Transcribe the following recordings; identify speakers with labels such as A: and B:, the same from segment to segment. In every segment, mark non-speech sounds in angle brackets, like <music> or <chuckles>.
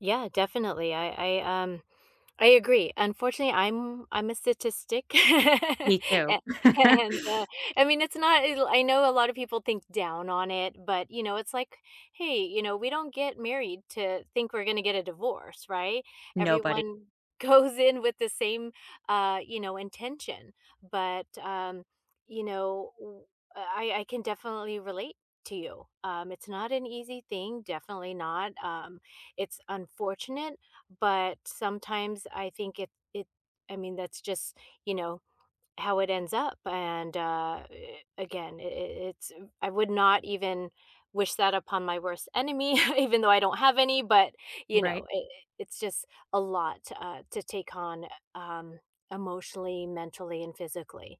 A: Yeah. Definitely. I I, um, I agree. Unfortunately, I'm I'm a statistic.
B: Me too.
A: A and, uh,
B: <laughs>
A: I mean, it's not el I know a lot of people think down on it, but, you know, it's like, "Hey, you know, we don't get married to think we're gonna get a divorce, right?"
B: Nobody.
A: Everyone goes in with the same, uh, you know, intention. But, um, you know, uh, I I can definitely relate to you. Um, it's not an easy thing, definitely not. Um, it's unfortunate but sometimes I think it it I mean that's just, you know, how it ends up and, uh, again i i it's I would not even wish that upon my worst enemy even though I don't have any, but, you
B: Right.
A: know, i it's just a lot, uh, to take on, um, emotionally, mentally, and physically.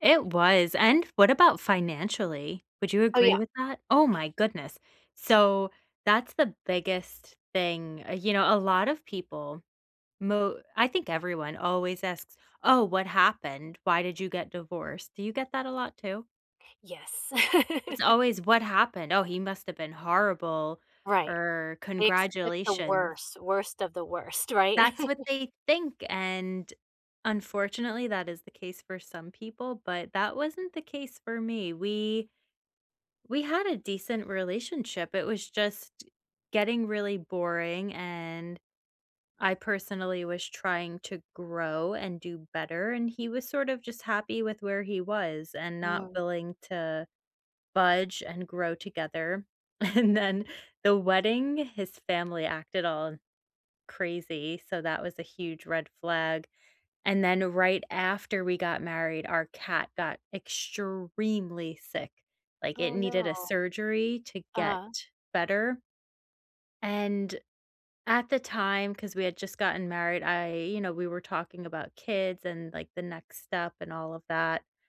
B: It was. And what about financially? Would you
A: Oh,
B: agree
A: yeah.
B: with that? Oh, my goodness. So, that's the biggest thing. You know, a lot of people mo I think everyone always asks, "Oh, what happened? Why did you get divorced?" Do you get that a lot too?
A: Yes.
B: It's
A: <laughs>
B: always, "What happened? Oh, he must have been horrible,"
A: Right.
B: or
A: They expect the
B: "congratulation."
A: worst, worst of the worst, right?
B: That's what
A: <chuckles>
B: they think. And, unfortunately, that is the case for some people, but that wasn't the case for me. We we had a decent relationship. It was just getting really boring, and I personally was trying to grow and do better. And he was sort of just happy with where he was and not
A: Mm.
B: willing to budge and grow together. And then the wedding, his family acted all crazy, so that was a huge red flag. And then right after we got married, our cat got extremely sick. Like, it
A: Oh,
B: needed
A: no.
B: a surgery to get
A: Uh-huh.
B: better. And at the time, because we had just gotten married, I you know, we were talking about kids and, like, the next step and all of that.